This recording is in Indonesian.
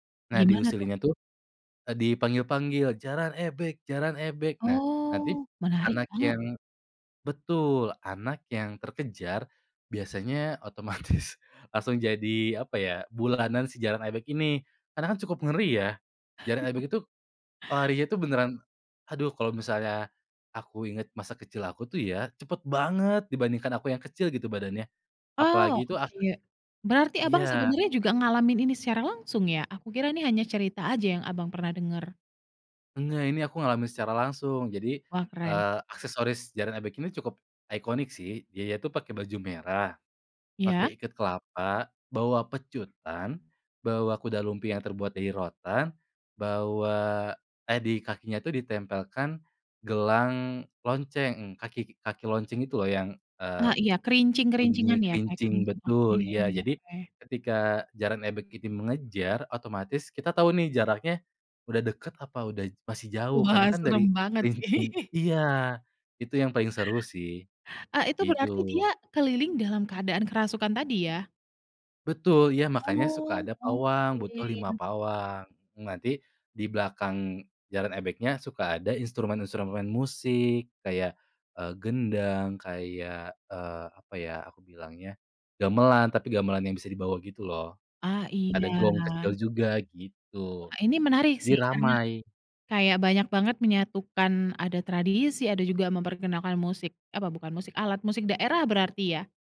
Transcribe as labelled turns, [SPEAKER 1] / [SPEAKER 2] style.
[SPEAKER 1] Nah,
[SPEAKER 2] Gimana tuh?
[SPEAKER 1] diusillinya tuh, e dipanggil-panggil, "Jaran ebeg jaran ebeg." Nah, nanti
[SPEAKER 2] Oh, menarik
[SPEAKER 1] anak
[SPEAKER 2] banget.
[SPEAKER 1] yang betul, anak yang terkejar biasanya otomatis langsung jadi apa ya, bulanan si jaran ebeg ini. Karena kan cukup ngeri ya, jaran ebeg itu, larinya itu beneran aduh kalau misalnya aku inget masa kecil aku tuh ya, cepet banget dibandingkan aku yang kecil gitu badannya.
[SPEAKER 2] Oh,
[SPEAKER 1] Apalagi tuh ak
[SPEAKER 2] oke. Berarti Abang
[SPEAKER 1] Iya.
[SPEAKER 2] sebenarnya juga ngalamin ini secara langsung ya? Aku kira nih hanya cerita aja yang Abang pernah dengar.
[SPEAKER 1] Enggak, ini aku ngalamin secara langsung. Jadi,
[SPEAKER 2] Wah, keren.
[SPEAKER 1] eee, aksesoris jaran ebeg ini cukup iconic sih. Dia itu pakai baju merah, pakai
[SPEAKER 2] Iya.
[SPEAKER 1] ikat kelapa, bawa pecutan, bawa kuda lumping yang terbuat dari rotan, bawa eh, di kakinya tuh ditempelkan gelang lonceng, kaki kaki lonceng itu loh yang, eee,
[SPEAKER 2] Ah iya,
[SPEAKER 1] bunyi
[SPEAKER 2] kerincing-kerincingan ya, kayak
[SPEAKER 1] kerincing
[SPEAKER 2] kerincing, oke.
[SPEAKER 1] betul, iya. Jadi ketika jaran ebeg ini mengejar, otomatis kita tahu nih jaraknya udah deket, apa udah masih jauh. Karena
[SPEAKER 2] Wah,
[SPEAKER 1] kan dari
[SPEAKER 2] serem banget.
[SPEAKER 1] kerincing iya, itu yang paling seru sih,
[SPEAKER 2] A itu berarti dia
[SPEAKER 1] gitu.
[SPEAKER 2] keliling dalam keadaan kerasukan tadi ya?
[SPEAKER 1] Betul, iya, makanya suka
[SPEAKER 2] Oh,
[SPEAKER 1] ada pawang, butuh 5
[SPEAKER 2] oke.
[SPEAKER 1] pawang. Nanti di belakang jaran ebegnya suka ada instrumen-instrumen musik, kayak, eee, gendang kayak, eee, apa ya, aku bilangnya gamelan tapi gamelan yang bisa dibawa gitu loh.
[SPEAKER 2] Ah
[SPEAKER 1] Ada gong
[SPEAKER 2] iya.
[SPEAKER 1] kecil juga gitu,
[SPEAKER 2] Wah, ini menarik
[SPEAKER 1] jadi
[SPEAKER 2] sih, karena
[SPEAKER 1] ramai.
[SPEAKER 2] kayak banyak banget menyatukan, ada tradisi, ada juga memperkenalkan musik apa bukan musik, alat musik daerah berarti ya?